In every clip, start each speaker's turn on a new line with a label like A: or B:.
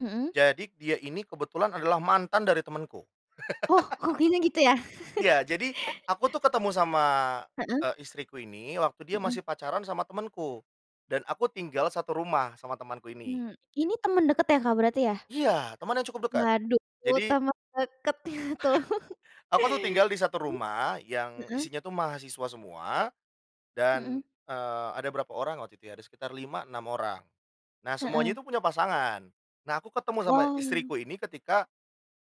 A: Mhm.
B: Jadi dia ini kebetulan adalah mantan dari temenku.
A: Oh kokinya gitu ya?
B: Iya, jadi aku tuh ketemu sama,
A: Mhm.
B: eee, istriku ini waktu dia
A: Mhm.
B: masih pacaran sama temenku, dan aku tinggal satu rumah sama temenku ini.
A: Mmm, ini temen deket ya Kak berarti ya?
B: Iya teman yang cukup dekat,
A: Waduh,
B: jadi
A: temen deketnya tuh.
B: aku tuh tinggal di satu
A: Mmm,
B: rumah, yang
A: heeh.
B: isinya tuh mahasiswa semua
A: Mhm.
B: dan, eee, ada berapa orang waktu itu ya? Ada sekitar 5 6 orang. Nah semuanya
A: Heeh.
B: itu punya pasangan, nah aku ketemu sama
A: Wow.
B: istriku ini ketika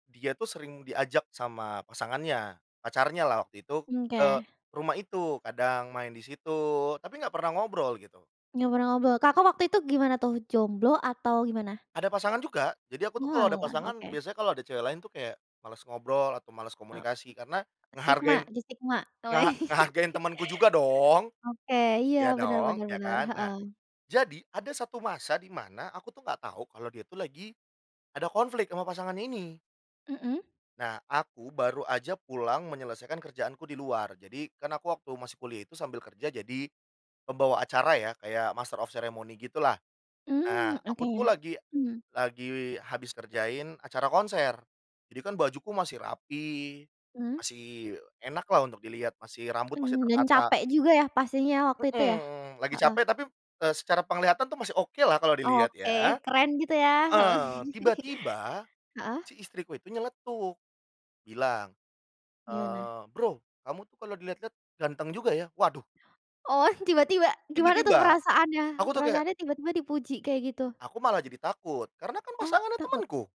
B: dia tuh sering diajak sama pasangannya, pacarnyalah waktu itu,
A: Mmm,
B: eee,
A: oke.
B: ke rumah itu, kadang main di situ tapi nggak pernah ngobrol gitu.
A: Ngobrol-ngobrol. Kakak waktu itu gimana tuh jomblo atau gimana?
B: Ada pasangan juga, jadi aku tuh kalau ada
A: Oalah,
B: pasangan
A: oke.
B: biasanya kalau ada cewek lain tuh kayak males ngobrol atau males
A: Ok
B: komunikasi karena
A: sigma,
B: ngehargain,
A: di sigma oke.
B: ngeha ngehargain temanku juga dong,
A: Oke, iya
B: iya
A: benar
B: dong,
A: benar
B: iya
A: bener,
B: kan. Nah
A: heeh.
B: jadi ada satu masa di mana, aku tuh nggak tahu kalau dia tuh lagi ada konflik sama pasangan ini
A: Mhm.
B: nah aku baru aja pulang menyelesaikan kerjaanku di luar. Jadi, kan aku waktu masih kuliah itu sambil kerja jadi pembawa acara ya, kayak master of ceremony gitu lah,
A: Mmm,
B: nah
A: oke
B: aku tuh
A: ya,
B: lagi
A: hmm.
B: lagi habis kerjain acara konser jadi kan bajuku masih rapi
A: Mmm.
B: masih enak lah untuk dilihat, masih rambut masih
A: Mmm, dan
B: tertata.
A: capek juga ya pastinya waktu itu ya?
B: Mhm, lagi capek
A: Heeh.
B: tapi p eee, secara penglihatan tuh masih oke lah kalau dilihat
A: Oke,
B: ya.
A: keren gitu ya, oh.
B: Heeh, tiba-tiba
A: Heeh.
B: si istriku itu nyeletuk bilang,
A: Gimana?
B: eee, "Bro, kamu tuh kalau dilihat-lihat ganteng juga ya," waduh.
A: Oh tiba-tiba, gimana tuh
B: Tiba-tiba, aku
A: perasaannya,
B: tuh kayak
A: perasaannya tiba-tiba dipuji kayak gitu?
B: Aku malah jadi takut karena kan
A: Oh
B: pasangannya
A: takut?
B: temenku.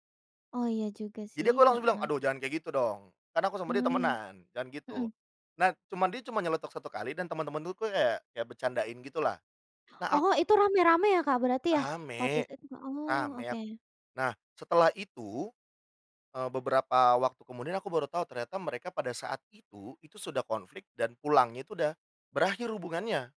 A: Oh iya juga sih,
B: Jadi aku langsung bilang,
A: heeh.
B: "Aduh jangan kayak gitu dong, kan aku sama dia
A: Mmm,
B: temenan, jangan gitu."
A: mhm.
B: Nah, cuman dia cuma nyeletuk 1 kali dan teman-teman tuh ku kayak kayak bercandain gitu lah, nah aku
A: Oh itu rame-rame ya Kak berarti ya? Pantes
B: rame,
A: aja it oh,
B: rame yap.
A: oke.
B: Nah setelah itu, eee, beberapa waktu kemudian aku baru tahu ternyata mereka pada saat itu, itu sudah konflik dan pulangnya itu udah berakhir hubungannya.